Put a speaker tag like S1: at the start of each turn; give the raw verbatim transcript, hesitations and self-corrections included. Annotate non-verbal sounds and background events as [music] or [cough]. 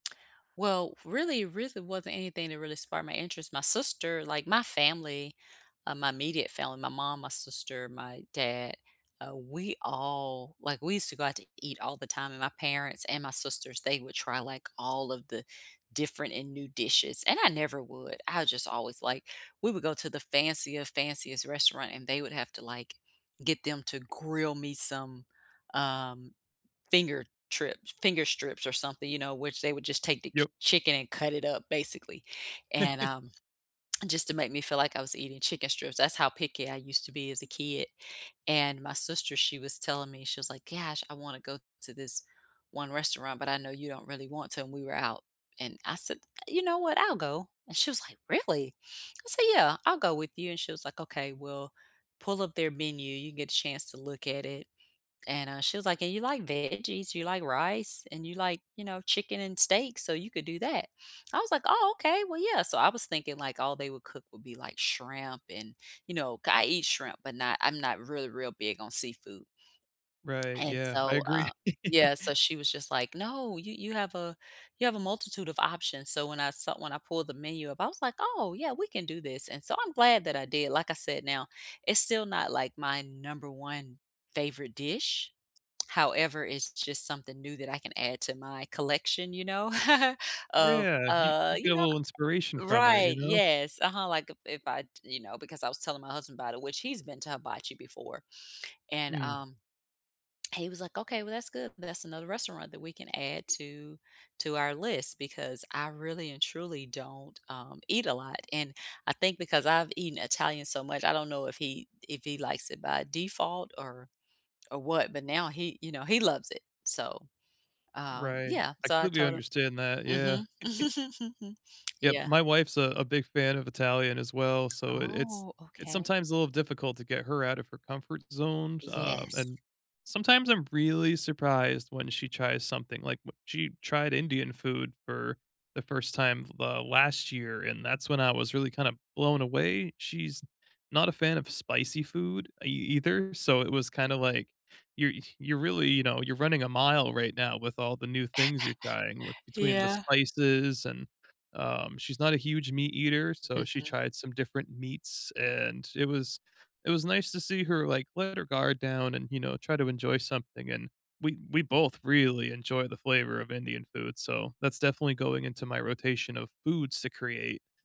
S1: Well, really reason wasn't anything that really sparked my interest. My sister, like my family, uh, my immediate family, my mom, my sister, my dad, uh, we all, like, we used to go out to eat all the time, and my parents and my sisters, they would try, like, all of the different and new dishes, and I never would. I just always, like we would go to the fanciest, fanciest restaurant, and they would have to, like, get them to grill me some, uh, finger trip finger strips or something, you know, which they would just take the
S2: Yep.
S1: chicken, and cut it up, basically, and,
S2: [chuckles]
S1: uh, [tsk] just to make me feel like I was eating chicken strips. That's how picky I used to be as a kid. And my sister, she was telling me, she was like, "Gosh. I wanna go to this one restaurant, but I know you don't really want to," and we were out, and I said, "You know what? I'll go," and she was like, "Really?" I said, "Yeah. I'll go with you," and she was like, "Okay. We'll pull up their menu. You get a chance to look at it," and, uh, she was like, "Hey, you like veggies? You like rice? And you like, you know, chicken and steak. So you could do that." I was like, "Oh, okay. Well, yeah." So I was thinking, like, all they would cook would be, like, shrimp and, you know, c I eat shrimp, but not I'm not really real big on seafood.
S2: Right.
S1: And
S2: Yeah, I
S1: so,
S2: agree.
S1: uh, yeah.
S2: [chuckles]
S1: So she was just like, "No. You you have a you have a multitude of options." So when I saw when I pulled the menu up, I was like, "Oh, yeah. We can do this," and so I'm glad that I did. Like I said now, it's still not, like, my number one favorite dish. However, it's just something new that I can add to my collection, you know, [chuckles] of,
S2: Yeah. You
S1: uh,
S2: you get
S1: you
S2: a
S1: know
S2: little inspiration from it, you
S1: right.
S2: know?
S1: Yes. Uh-huh. Like, if I, you know, because I was telling my husband about it, which he's been to hibachi before, and,
S2: Mm.
S1: um, he was like, "Okay. Well, that's good. That's another restaurant that we can add to to our list," because I really and truly don't, um, eat a lot, and I think because I've eaten Italian so much, I don't know if he if he likes it by default or or what, but now he, you know, he loves it. So, um,
S2: Right.
S1: yeah.
S2: I
S1: So I
S2: completely
S1: told him
S2: understand that. Yeah.
S1: Mhm.
S2: [chuckles]
S1: [chuckles] [smacks lips]
S2: Yep.
S1: Yeah.
S2: My wife's a a big fan of Italian as well, so it it's
S1: Oh,
S2: it's
S1: okay.
S2: sometimes a little difficult to get her out of her comfort zones, uh,
S1: Yes.
S2: and sometimes I'm really surprised when she tries something. Like, wh she tried Indian food for the first time, uh, last year, and that's when I was really kinda blown away. She's not a fan of spicy food e either, so it was kinda like, "You're you're really, you know, you're running a mile right now with all the new things you're trying
S1: [laughs]
S2: with" between the
S1: Yeah.
S2: spices, and, um, she's not a huge meat eater, so she
S1: Mhm.
S2: tried some different meats, and it was it was nice to see her, like, let her guard down and, you know, try to enjoy something, and we we both really enjoy the flavor of Indian food, so that's definitely going into my rotation of foods to create.